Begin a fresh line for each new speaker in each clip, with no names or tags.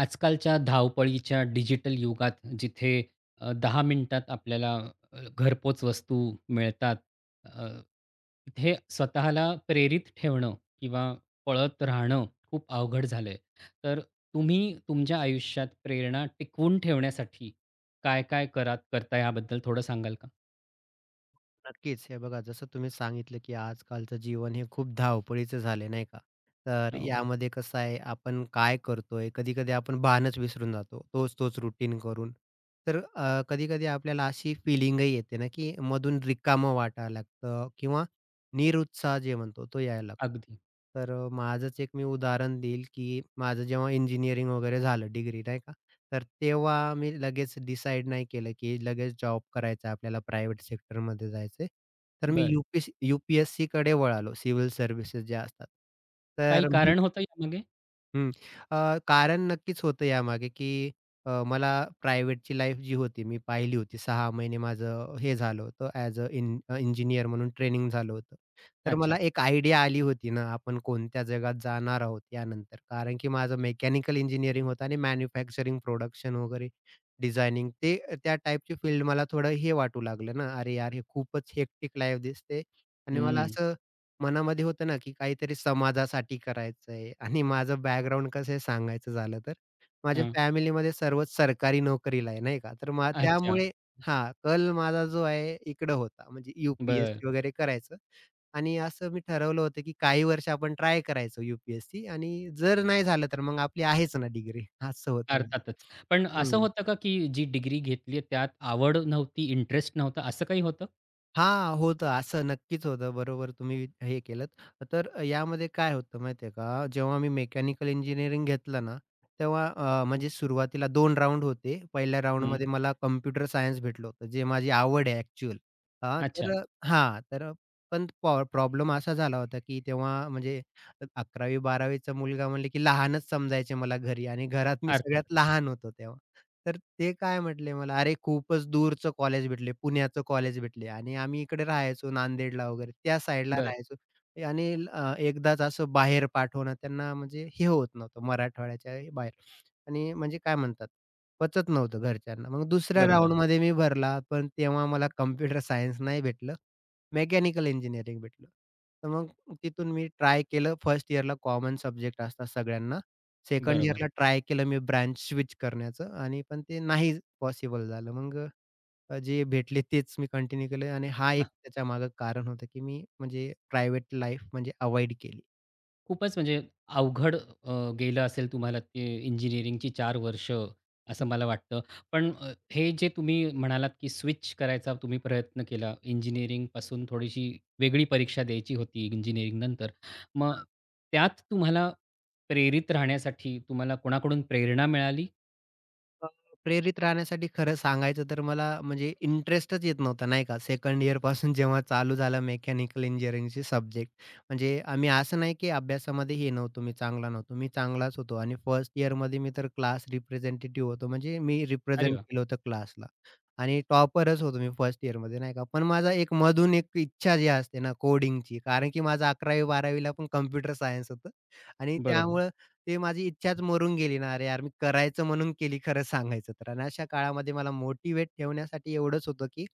आजकालच्या धावपळीच्या डिजिटल युगात जिथे अ, 10 मिनिटात आपल्याला अ, घरपोच वस्तू मिळतात. अ, हे स्वतःला प्रेरित ठेवणं किंवा पळत राहणं खूप अवघड झालंय. तर तुम्ही तुमच्या आयुष्यात प्रेरणा टिकवून ठेवण्यासाठी काय-काय करात करताय याबद्दल थोडं सांगाल का?
नक्कीच, हे बघा जसं तुम्ही सांगितलं, की आजकालचं जीवन हे खूप धावपळीचं झाले नाही का, तर
हो.
यामध्ये कसं आहे आपण काय करतोय, कधी-कधी आपण भानच विसरून जातो. तोच तोच रुटीन करून. तर अ, कधी-कधी आपल्याला अशी फीलिंगही येते ना, की मधून रिकामं वाटायला लागतं किंवा निरुत्साह जे म्हणतो, तो यायला लागतो.
अगदी.
तर अ, माझंच एक मी उदाहरण देईल, की माझं जेव्हा इंजिनिअरिंग वगैरे झालं, डिग्री नाही का. तर तेव्हा मी लगेच डिसाईड नाही केलं, की लगेच जॉब करायचा आहे, आपल्याला प्रायव्हेट सेक्टरमध्ये जायचंय. तर मी
बरं.
यू-पी-एस यू-पी-एस-सीकडे वळालो, सिव्हिल सर्व्हिस ज्या असतात.
काही
तर मी
कारण होतं यामागे?
हं, अ, कारण नक्कीच होतं यामागे, की अ, मला प्रायव्हेटची लाईफ जी होती, मी पाहिली होती. 6 महिने माझं हे झालं होतं ॲज अ इं इंजिनिअर म्हणून ट्रेनिंग झालं होतं. तर मला
अच्छा.
एक आयडिया आली होती ना, आपण कोणत्या जगात जाणार आहोत यानंतर कारण की माझं मेकॅनिकल इंजिनिअरिंग होतं आणि मॅन्युफॅक्चरिंग प्रोडक्शन वगैरे डिझायनिंग ते त्या टाईपची फील्ड मला थोडं हे वाटू लागलं ना, अरे, यार हे खूपच हेक्टिक लाईफ दिसते. आणि मला
हं.
असं मनामध्ये होतं ना, की काहीतरी समाजासाठी करायचं आहे आणि माझं बॅकग्राऊंड कसं आहे सांगायचं झालं, तर माझ्या
हं.
फॅमिलीमध्ये सर्वच सरकारी नोकरीला आहे नाही का. तर मग
अच्छा.
त्यामुळे हां, कल माझा जो आहे इकडं होता, म्हणजे
बरं.
यू-पी-एस-सी वगैरे करायचं आणि असं मी ठरवलं होतं, की काही वर्ष आपण ट्राय करायचं यू-पी-एस-सी आणि जर नाही झालं, तर मग आपली आहेच ना डिग्री असं होतं.
अर्थातच. पण असं
हं.
होतं का, की जी डिग्री घेतली आहे त्यात आवड नव्हती, इंटरेस्ट नव्हता असं काही होतं?
हां, होतं असं, नक्कीच होतं, बरोबर तुम्ही हे केलंत. त तर यामध्ये काय होतं माहिती आहे का, जेव्हा मी मेकॅनिकल इंजिनिअरिंग घेतलं ना, तेव्हा अ, म्हणजे सुरुवातीला 2 राउंड होते. 1ल्या
हं.
राउंडमध्ये मला कॉम्प्युटर सायन्स भेटलं होतं. जे माझी आवड आहे ॲक्चुअल. हां, तर
अच्छा.
हां, तर अ, पण पॉ प्रॉब्लेम असा झाला होता, की तेव्हा म्हणजे 11वी-12वी चा मुलगा म्हणले, की लहानच समजायचे मला घरी आणि घरात मी सगळ्यात
अर्थातच.
लहान होतो तेव्हा, तर ते काय म्हटले मला "अरे, खूपच दूरचं कॉलेज भेटले, पुण्याचं कॉलेज भेटले." आणि आम्ही इकडे राहायचो नांदेडला वगैरे त्या साईडला
बरं.
राहायचो आणि अ, एकदाच असं बाहेर पाठवणं त्यांना म्हणजे हे होत नव्हतं, मराठवाड्याच्याही बाहेर आणि म्हणजे काय म्हणतात, पचत नव्हतं घरच्यांना. मग 2ऱ्या
बरोबर.
राउंडमध्ये मी भरला, पण तेव्हा मला कॉम्प्युटर सायन्स नाही भेटलं, मेकॅनिकल इंजिनिअरिंग भेटलं. तर मग तिथून मी ट्राय केलं. 1st इयरला कॉमन सब्जेक्ट असतात सगळ्यांना, 2nd
बरोबर.
इयरला ट्राय केलं मी ब्रँच स्विच करण्याचं आणि पण ते नाही पॉसिबल झालं. मग अ, जे भेटले तेच मी कंटिन्यू केलं आणि हा
हं.
एक त्याच्यामागे कारण होतं की मी म्हणजे प्रायव्हेट लाईफ म्हणजे अव्हॉइड केली.
खूपच म्हणजे अवघड अ, गेलं असेल तुम्हाला ते इंजिनिअरिंगची 4 वर्ष
हं.
असं मला वाटतं. पण अ, हे जे तुम्ही म्हणालात की स्विच करायचा तुम्ही प्रयत्न केला
हं.
इंजिनिअरिंगपासून थोडीशी वेगळी परीक्षा द्यायची होती इंजिनिअरिंग नंतर, मग
हां.
त्यात तुम्हाला प्रेरित राहण्यासाठी तुम्हाला कोणाकडून प्रेरणा मिळाली?
[unintelligible] प्रेरित राहण्यासाठी खरं सांगायचं तर मला म्हणजे इंटरेस्टच येत नव्हता नाही का, सेकंड इअरपासून जेव्हा चालू झालं मेकॅनिकल इंजिनिअरिंगचे सब्जेक्ट. म्हणजे आम्ही असं नाही की अभ्यासामध्ये हे नव्हतो, मी चांगला नव्हतो, मी चांगलाच होतो आणि फर्स्ट इअरमध्ये मी तर क्लास रिप्रेझेंटेटिव्ह होतो, म्हणजे मी
अरे
रिप्रेझेंट
वाह!
केलं होतं क्लासला आणि टॉपरच होतो मी फर्स्ट इअरमध्ये, नाही का, पण माझा एक मधून एक इच्छा जी असते ना कोडिंगची कारण की माझं 11वी-12वीला पण कॉम्प्युटर सायन्स होतं आणि
बरोबर.
त्यामुळे ते माझी इच्छाच मरून गेली ना, अरे यार मी करायचं म्हणून केली खरं सांगायचं तर आणि अशा काळामध्ये मला मोटिव्हेट ठेवण्यासाठी एवढंच होतं की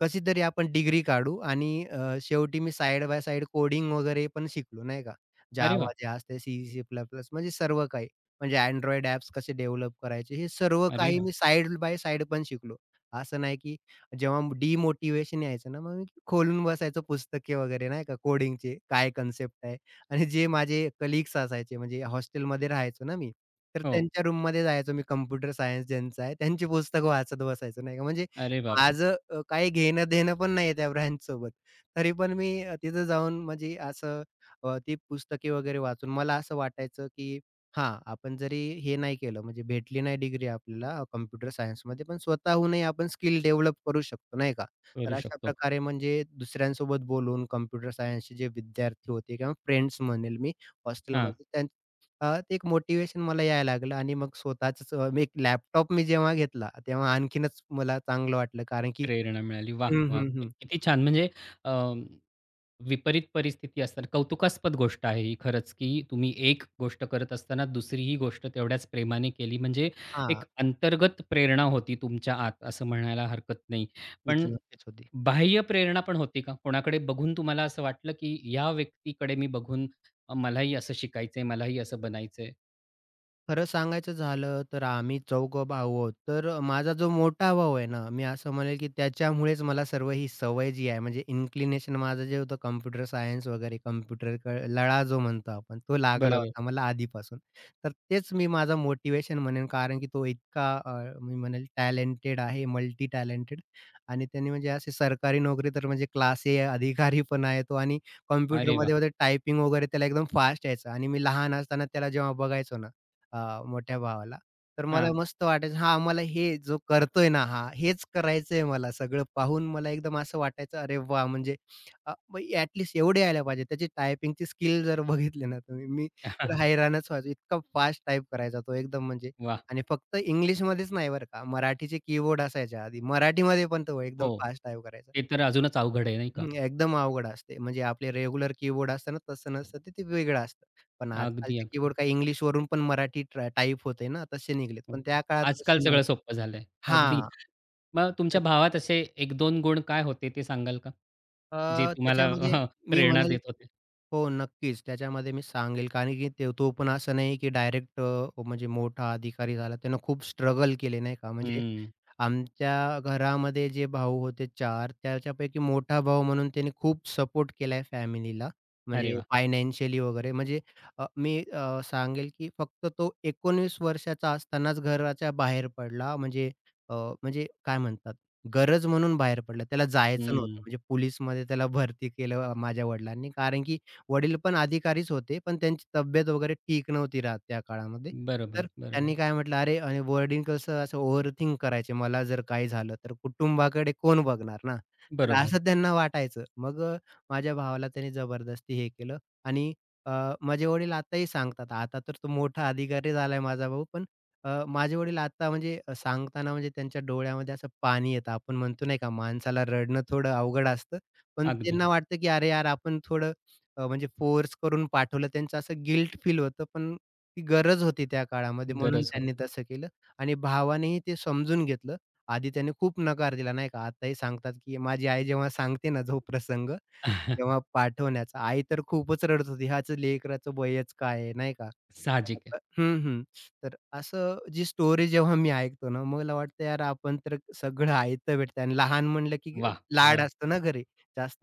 कशीतरी आपण डिग्री काढू आणि अ, शेवटी मी साइड बाय साइड कोडिंग वगैरे पण शिकलो, नाही का?
अरे
Java
वाह!
जे असते, C, C++, म्हणजे सर्व काही. म्हणजे Android ॲप्स कसे डेव्हलप करायचे, हे सर्व
अरे
काही
वाह!
मी साइड बाय साइड पण शिकलो. असं नाही की जेव्हा डिमोटिव्हेशन यायचं ना, मग मी खोलून बसायचो पुस्तके वगैरे, नाही का, कोडिंगचे काय कन्सेप्ट आहे आणि जे माझे कलीग्स असायचे म्हणजे हॉस्टेलमध्ये राहायचो ना मी, तर
हो.
त्यांच्या रूममध्ये जायचो, मी कॉम्प्युटर सायन्स ज्यांचं आहे, त्यांची पुस्तकं वाचत बसायचो, नाही का, म्हणजे
अरे बापरे!
माझं अ, काही घेणं-देणं पण नाहीये त्या ब्रांचसोबत, तरी पण मी अ, तिथं जाऊन म्हणजे असं अ, ती पुस्तके वगैरे वाचून मला असं वाटायचं की हां, आपण जरी हे नाही केलं, म्हणजे भेटली नाही डिग्री आपल्याला कॉम्प्युटर सायन्समध्ये, पण स्वतःहूनही आपण स्किल डेव्हलप करू शकतो, नाही का? तर
करू शकतो.
अशाप्रकारे म्हणजे दुसऱ्यांसोबत बोलून कॉम्प्युटर सायन्सचे जे विद्यार्थी होते किंवा फ्रेंड्स म्हणेल मी
हां.
हॉस्टेलमध्ये त्यान अ, ते एक मोटिव्हेशन मला यायला लागलं आणि मग स्वतःचंच अ, मी एक लॅपटॉप मी जेव्हा घेतला, तेव्हा आणखीनच मला चांगलं वाटलं कारण की
प्रेरणा मिळाली. वाह,
हं,
वाह!
हं,
क
हं.
किती छान! म्हणजे अं, विपरीत परिस्थिती असताना कौतुकास्पद गोष्ट आहे ही खरंच की तुम्ही एक गोष्ट करत असताना दुसरीही गोष्ट तेवढ्याच प्रेमाने केली. म्हणजे एक
हां.
अंतर्गत प्रेरणा होती तुमच्या आत असं म्हणायला हरकत नाही.
ती
पण
तर नक्कीच होती.
बाह्य प्रेरणा पण होती का कोणाकडे बघून तुम्हाला असं वाटलं की या व्यक्तीकडे मी बघून मलाही असं शिकायचंय, मलाही असं बनायचंय?
खरं सांगायचं झालं, तर आम्ही चौघे भाऊ आहोत. तर माझा जो मोठा भाऊ आहे ना, मी असं म्हणेल की त्याच्यामुळेच मला सर्वही, सवय जी आहे, म्हणजे इन्क्लिनेशन माझं जे होतं कॉम्प्युटर सायन्स वगैरे, कम्प्युटर, क लळा जो म्हणतो आपण, तो लागला
बरोबर.
होता मला आधीपासून. तर तेच मी माझं मोटिवेशन म्हणेन. कारण की तो इतका अ, मी म्हणेल टॅलेंटेड आहे. मल्टी टॅलेंटेड आणि त्याने म्हणजे अशी सरकारी नोकरी, तर म्हणजे क्लास ए अधिकारी पण आहे तो. आणि
अरे वाह!
कॉम्प्युटरमध्ये टायपिंग वगैरे, त्याला एकदम फास्ट यायचं आणि मी लहान असताना त्याला जेव्हा बघायचो ना, अ, मोठ्या भावाला, तर मला
हां.
मस्त वाटायचं. हा आम्हाला, हे जो करतोय ना, हा हेच करायचंय मला. सगळं पाहून मला एकदम असं वाटायचं, अरे वाह! म्हणजे अ, ॲटलीस्ट एवढे यायला पाहिजे. त्याची टायपिंगची स्किल जर बघितले ना तुम्ही, मी तर हैराणच व्हायचो. इतका फास्ट टाइप करायचा तो एकदम. म्हणजे
वाह!
आणि फक्त इंग्लिशमध्येच नाही बरं का, मराठीचे कीबोर्ड असायच्या आधी. मराठीमध्ये पण तो
हो.
एकदम फास्ट टाइप करायचा.
ते तर अजूनच अवघड आहे नाही का?
हं, हं, एकदम अवघड असते. म्हणजे आपले रेग्युलर कीबोर्ड असत ना, तसं नसतं तर ते वेगळं असतं. पण
अगदी,
आजकालचे
अगदी.
कीबोर्ड काही इंग्लिशवरून पण मराठीत ट्रा टाइप होते ना, तसे निघालेत
हो
पण
का.
त्या काळात
आजकाल
तसे
सगळं
नव्हते
सोपं झालंय. अगदी.
हां,
मग
तर
तुमच्या भावात असे 1-2 गुण काय होते ते सांगाल का?
अ,
जे तुम्हाला
त्याच्यामध्ये, मी
प्रेरणा
म्हणेल.
देत होते?
हो, नक्कीच. त्याच्यामध्ये मी सांगेल, कारण की ते तो पण असं नाही की डायरेक्ट अ, म्हणजे मोठा अधिकारी झाला. त्यानं खूप स्ट्रगल केले नाही का. म्हणजे
हं.
आमच्या घरामध्ये जे भाऊ होते 4. त्याच्यापैकी मोठा भाऊ म्हणून त्याने खूप सपोर्ट केला आहे फॅमिलीला.
अरे
म्हणजे
वाह!
फायनान्शियली वगैरे, म्हणजे अ, मी अ, सांगेल की फक्त तो 19 वर्षाचा असतानाच घराच्या बाहेर पडला. म्हणजे अ, म्हणजे काय म्हणतात, गरज म्हणून बाहेर पडला त्याला जायचं नव्हतं.
हं.
म्हणजे पोलिसमध्ये त्याला भरती केलं माझ्या वडिलांनी. कारण की वडील पण अधिकारीच होते पण त्यांची तब्येत वगैरे ठीक नव्हती राहतं त्या काळामध्ये. तर
बरोबर, बरोबर.
त्यांनी काय म्हटलं, अरे आणि वडील कसं असं ओव्हर थिंक करायचे. मला जर काही झालं तर कुटुंबाकडे कोण बघणार ना, तर
बरोबर.
असं त्यांना वाटायचं. मग अ, माझ्या भावाला त्यांनी जबरदस्ती हे केलं आणि अ, माझे वडील आताही सांगतात. आता तर तो मोठा अधिकारी झालायं माझा भाऊ, पण अ, माझे वडील आता म्हणजे अ, सांगताना म्हणजे त्यांच्या डोळ्यामध्ये असं पाणी येतं. आपण म्हणतो नाही का माणसाला रडणं थोडं अवघड असतं. पण
अगदी.
त्यांना वाटतं की अरे यार! आपण थोडं अ, म्हणजे फोर्स करून पाठवलं, त्यांचं असं गिल्ट फील होतं. पण ती गरज होती, त्या काळामध्ये म्हणून
गरज
त्यांनी
होती.
तसं केलं आणि भावानेही ते समजून घेतलं. आधी त्यांनी खूप नकार दिला नाही का आताही सांगतात, की माझी आई जेव्हा सांगते ना, जो प्रसंग तेव्हा पाठवण्याचा, आई तर खूपच रडत होती. ह्याच लेकराचं वयच काय आहे नाही का. खरं
साहजिक आहे.
तर हं, हं. तर असं जी स्टोरी जेव्हा मी ऐकतो ना, मला वाटतं यार, आपण तर सगळं आयत भेटतंय आणि लहान म्हणलं की
वाह, वाह!
लाड असतं ना घरी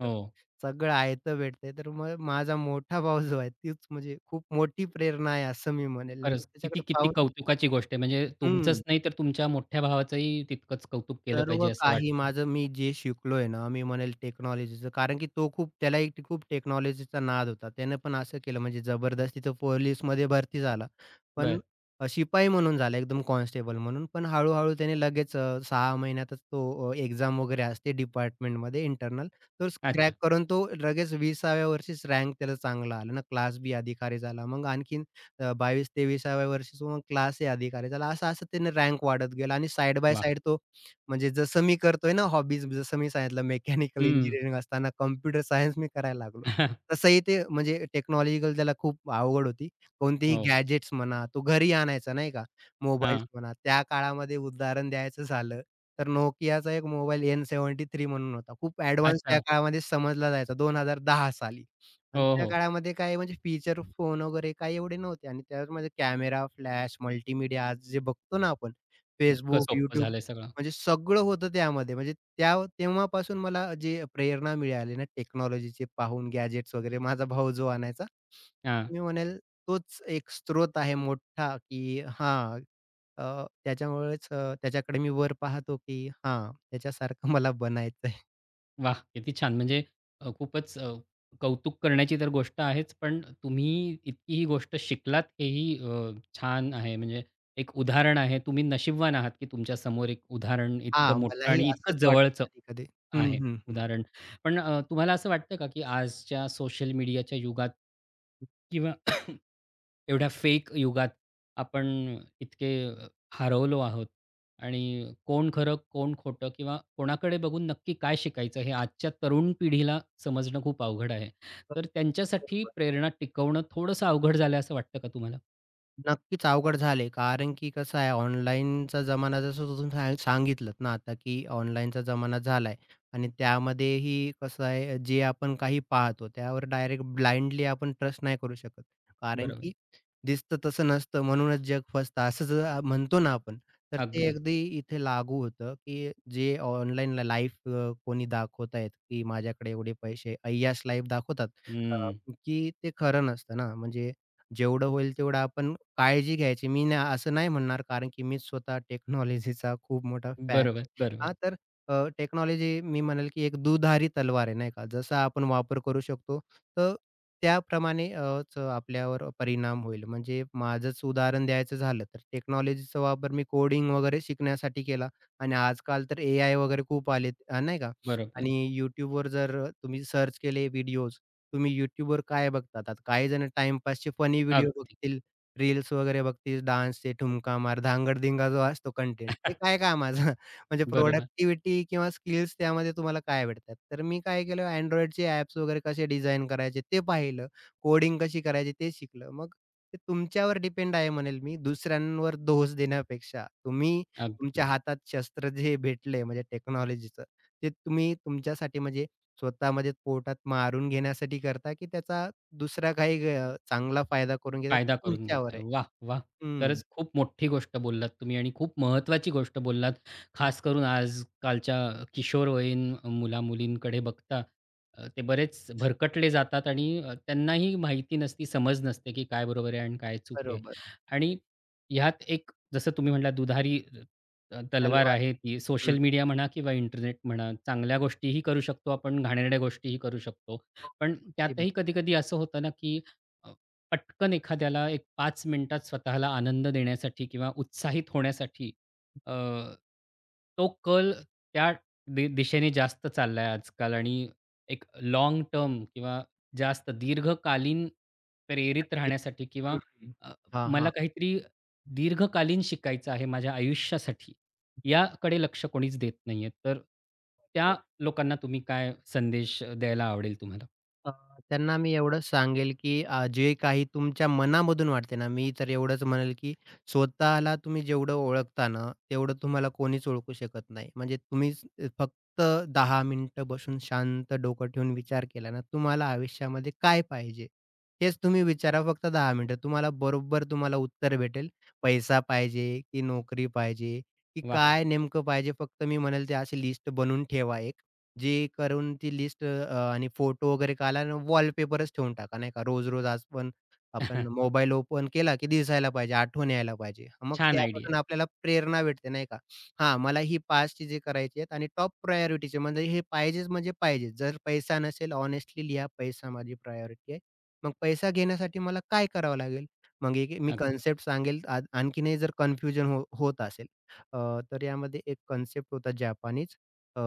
अ, हो.
सगळं आयत भेटतंय, तर मग माझा मोठा भाऊ जो आहे, तीच म्हणजे खूप मोठी प्रेरणा आहे असं मी म्हणेल. म्हणजे
खरंच किती,
त्याच्याकडे
किती
पाहून
कौतुकाची गोष्ट आहे. म्हणजे तुमचंच
हं.
नाहीतर तुमच्या मोठ्या भावाचंही तितकंच कौतुक केलं पाहिजे,
सर्व
असं
काही
वाटतं.
माझं, मी जे शिकलोय ना. मी म्हणेल टेक्नॉलॉजीचं. कारण की तो खूप त्यालाही खूप टेक्नॉलॉजीचा नाद होता. त्याने पण असं केलं म्हणजे जबरदस्तीच तो पोलिसमध्ये भरती झाला. पण
बरं.
अ, शिपाई म्हणून झाला. एकदम कॉन्स्टेबल म्हणून. पण हळू-हळू त्याने लगेच अ, 6 महिन्यातच तो अ, एक्झाम वगैरे असते डिपार्टमेंटमध्ये इंटरनल. तो
अच्छा.
क्रॅक करून, तो लगेच 20सा व्या वर्षीच रँक त्याला चांगला आला अन क्लास बी अधिकारी झाला. मग आणखीन अ, 22-23सा व्या वर्षीच मग क्लास ए अधिकारी झाला. असं, असं त्याने रँक वाढत गेला. आणि साइड बाय
वाह!
साइड तो म्हणजे जसं मी करतोय ना हॉबीज जसं मी सांगितलं मेकॅनिकल
हं.
इंजिनिअरिंग असताना कॉम्प्युटर सायन्स मी करायला लागलो. तसंही ते म्हणजे टेक्नॉलॉजिकल त्याला खूप आवड होती. कोणतीही
हो.
गॅजेट्स म्हणा. तो घरी आणायचा नाही का. मोबाईल्स
हां.
म्हणा, त्या काळामध्ये उदाहरण द्यायचं झालं, तर Nokiaचा एक मोबाईल एन 73 म्हणून होता, खूप ॲडव्हान्स त्या
अच्छा.
काळामध्ये समजला जायचा. 2010 साली आणि
हो,
त्या
हो.
काळामध्ये काय म्हणजे फीचर फोन वगैरे, काय एवढे नव्हते आणि त्याचमध्ये कॅमेरा, फ्लॅश, मल्टीमीडिया जे बघतो ना, आपण
इतकं
Facebook,
सोपं
YouTube
झालंय सगळं.
म्हणजे सगळं होतं त्यामध्ये. म्हणजे त्या व तेव्हापासून मला जे प्रेरणा मिळाली ना, टेक्नॉलॉजीचे पाहून गॅजेट्स वगैरे, माझा भाऊ जो आणायचा.
हां.
मी म्हणेल, तोच एक स्रोत आहे मोठा, की हां, अ, त्याच्यामुळेच अ, त्याच्याकडे मी वर पाहतो की हां, याच्यासारखं मला बनायचं आहे.
वाह! किती छान म्हणजे अ, खूपच अ, कौतुक करण्याची तर गोष्ट आहेच. पण तुम्ही इतकी ही गोष्ट शिकलात हेही अ, छान आहे म्हणजे एक उदाहरण आहे तुम्ही नशीबवान आहात की तुमच्या समोर एक उदाहरण इतकं
हां,
मोठं
मलाही
आणि इतकं
असंच
जवळचं
वाटतं कधी-कधी. हं,
आहे,
हं, हं.
उदाहरण. पण अ, तुम्हाला असं वाटतं का की आजच्या सोशल मीडियाच्या युगात
हं.
किंवा एवढ्या फेक युगात आपण इतके हरवलो आहोत आणि कोण खरं कोण खोटं किंवा कोणाकडे बघून नक्की काय शिकायचं हे आजच्या तरुण पिढीला समजणं खूप अवघड आहे.
हं.
तर त्यांच्यासाठी
बरोबर.
प्रेरणा टिकवणं थोडंसं अवघड झालंय असं वाटतं का तुम्हाला?
नक्कीच, अवघड झाले कारण की कसं आहे ऑनलाईनचा जमाना जसं तुम्ही [unintelligible] सांगितलंत ना आता की ऑनलाईनचा जमाना झालाय आणि त्यामध्येही कसं आहे जे आपण काही पाहतो त्यावर डायरेक्ट ब्लाइंडली आपण ट्रस्ट नाही करू शकत. कारण
बरोबर.
की "दिसतं तसं नसतं म्हणूनच जग फसतं." असं ज अ, म्हणतो ना आपण. तर ते
अगदी.
अगदी इथे लागू होतं, की जे ऑनलाईन ल लाईफ कोणी दाखवत आहेत की माझ्याकडे एवढे पैसे, अय्याश लाईफ दाखवतात अ,
हं.
की ते खरं नसतं ना. म्हणजे जेवढं होईल तेवढं आपण काळजी घ्यायची मी न असं नाही म्हणणार, कारण की मी स्वतः टेक्नॉलॉजीचा खूप मोठा फॅन आहे.
बरोबर, बरोबर.
हां, तर अ, टेक्नॉलॉजी मी म्हणेल की एक दुधारी तलवार आहे, नाही का. जसा आपण वापर करू शकतो तर त्याप्रमाणे अ, च आपल्यावर परिणाम होईल. म्हणजे माझंच उदाहरण द्यायचं झालं तर टेक्नॉलॉजीचा वापर मी कोडिंग वगैरे शिकण्यासाठी केला आणि आजकाल तर एआय वगैरे खूप आलेत. अ, नाही का.
बरोबर.
आणि YouTubeवर जर तुम्ही सर्च केले व्हिडिओज, तुम्ही YouTubeवर काय बघतात? आता काही जण टाईमपासचे फनी व्हिडिओ
अगदी.
बघतील, रील्स वगैरे बघतील, डान्सचे ठुमका मार, धांगड-धिंगा जो असतो कंटेंट ते काय कामाचा. म्हणजे
बरोबर.
प्रॉडक्टिव्हिटी किंवा स्किल्स त्यामध्ये तुम्हाला काय आवडतात. तर मी काय केलं Androidचे ॲप्स वगैरे कसे डिझाइन करायचे ते पाहिलं. कोडिंग कशी करायची ते शिकलो. मग ते तुमच्यावर डिपेंड आहे म्हणेल मी दुसऱ्यांवर दोष देण्यापेक्षा. तुम्ही
अगदी.
तुमच्या हातात शस्त्र जे भेटलंय, म्हणजे टेक्नॉलॉजीचं. ते तुम्ही तुमच्यासाठी म्हणजे स्वतःमध्ये पोटात मारून घेण्यासाठी करता की त्याचा दुसरा काही गैर अ, चांगला फायदा करून घेता तो
फायदा करून घेत
तुमच्यावर
आहे.
आहे.
वाह, वाह!
हं.
खरंच खूप मोठी गोष्ट बोललात तुम्ही आणि खूप महत्वाची गोष्ट बोललात.
हं.
खास करून आजकालच्या किशोरवयीन मुला-मुलींकडे बघता अ, ते बरेच भरकटले जातात आणि त्यांनाही माहिती नसती समज नसते की काय बरोबर आहे आणि काय चूक आहे.
बरोबर.
आणि ह्यात एक जसं तुम्ही म्हटलात दुधारी अ, तलवार
तलवार.
आहे ती
हं.
सोशल मीडिया म्हणा किंवा इंटरनेट म्हणा चांगल्या गोष्टीही करू शकतो आपण, घाणेरड्या गोष्टीही करू शकतो. पण
[unintelligible]
त्यातही कधी-कधी असं होतं ना, की अ, पटकन एखाद्याला एक 5 मिनिटात स्वतःला आनंद देण्यासाठी किंवा उत्साहित होण्यासाठी. अ, तो कल त्या दि दिशेने जास्त चाललाय आजकाल आणि एक लाँगटर्म किंवा जास्त दीर्घकालीन प्रेरित
नक्की,
राहण्यासाठी किंवा
हं, हं.
अ,
हां,
मला
हां.
काहीतरी दीर्घकालीन शिकायचं आहे माझ्या आयुष्यासाठी, याकडे लक्ष कोणीच देत नाहीये. तर त्या
बरोबर.
लोकांना तुम्ही काय संदेश द्यायला आवडेल तुम्हाला?
अ, त्यांना मी एवढंच सांगेल की आज जे काही तुमच्या मनामधून वाटते ना, मी तर एवढंच म्हणेल की स्वतःला तुम्ही जेवढं ओळखता ना, तेवढं तुम्हाला कोणीच ओळखू शकत नाही. म्हणजे तुम्हीच फक्त 10 मिनिटं बसून शांत डोकं ठेवून विचार केला ना, तुम्हाला आयुष्यामध्ये काय पाहिजे, हेच तुम्ही विचारा फक्त 10 मिनिटं. तुम्हाला बरोबर तुम्हाला उत्तर भेटेल, पैसा पाहिजे की नोकरी पाहिजे की
वाह!
काय नेमकं पाहिजे. फक्त मी म्हणेल ते अशी लिस्ट बनवून ठेवा एक जे करून, ती लिस्ट अ, आणि फोटो वगैरे काढ आणि वॉलपेपरच ठेवून टाका नाही का, रोज-रोज आज पण आपण मोबाईल ओपन केला की दिसायला पाहिजे, आठवण यायला पाहिजे. मग
छान, आयडिया आहे.
त्यापासून आपल्याला प्रेरणा भेटते नाही का, हां, मला ही 5 चीजे करायची आहेत आणि टॉप प्रायोरिटीची म्हणजे हे पाहिजेच म्हणजे पाहिजे. जर पैसा नसेल हॉनेस्टली लिहा. पैसा माझी प्रायोरिटी आहे. मग पैसा घेण्यासाठी मला काय करावं लागेल, मग [unintelligible] मी
[unintelligible]
कन्सेप्ट सांगेल आ आणखीनही जर कन्फ्युजन हो होत असेल, अ, तर यामध्ये एक कन्सेप्ट होता जपानीच अ,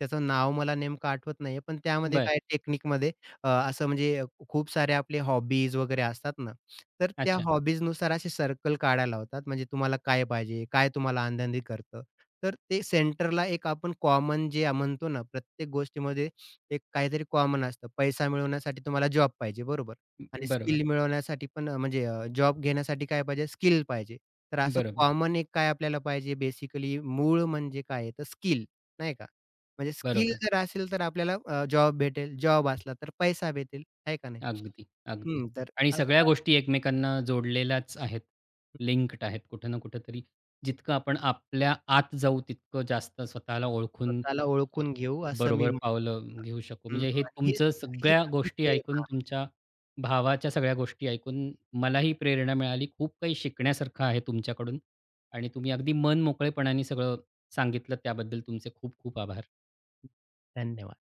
त्याचं नाव मला नेमकं आठवत नाहीये. पण त्यामध्ये
बरं.
काही तकनीकमध्ये अ, असं म्हणजे खूप सारे आपले हॉबीज वगैरे असतात ना, तर त्या
अच्छा.
हॉबीजनुसार असे सर्कल काढायला लावतात. म्हणजे तुम्हाला काय पाहिजे, काय तुम्हाला आनंदी करतं. तर ते सेंटरला एक आपण कॉमन जे म्हणतो ना, प्रत्येक गोष्टीमध्ये एक काहीतरी कॉमन असतं. पैसा मिळवण्यासाठी तुम्हाला जॉब पाहिजे बरोबर
अ,
आणि
बरोबर.
स्किल मिळवण्यासाठी पण अ, म्हणजे अ, जॉब घेण्यासाठी काय पाहिजे, स्किल पाहिजे. तर असं
बरोबर.
कॉमन एक काय आपल्याला पाहिजे बेसिकली मूळ म्हणजे काय तर स्किल नाही का म्हणजे स्किल
बरोबर.
जर असेल, तर आपल्याला अं जॉब भेटेल, जॉब असला, तर पैसा भेटेल आहे का नाही,
अगदी, अगदी
हं तर
आणि सगळ्या
असा
गोष्टी एकमेकांना जोडलेल्याच आहेत. लिंक्ड आहेत कुठे ना कुठेतरी. जितकं आपण आपल्या आत जाऊ तितकं जास्त स्वतःला ओळखून
स्वतःला
अ,
ओळखून घेऊ असं मी
बरोबर
हं
पावलं घेऊ शकू. म्हणजे हे
आणि हीच
तुमचं
ती हीच
सगळ्या
आपली
गोष्टी
प्रेरणा
ऐकून,
आहे.
तुमच्या भावाच्या सगळ्या गोष्टी ऐकून मलाही प्रेरणा मिळाली. खूप काही शिकण्यासारखं आहे तुमच्याकडून आणि तुम्ही अगदी मनमोकळेपणाने सगळं सांगितलं. त्याबद्दल तुमचे खूप-खूप आभार.
धन्यवाद.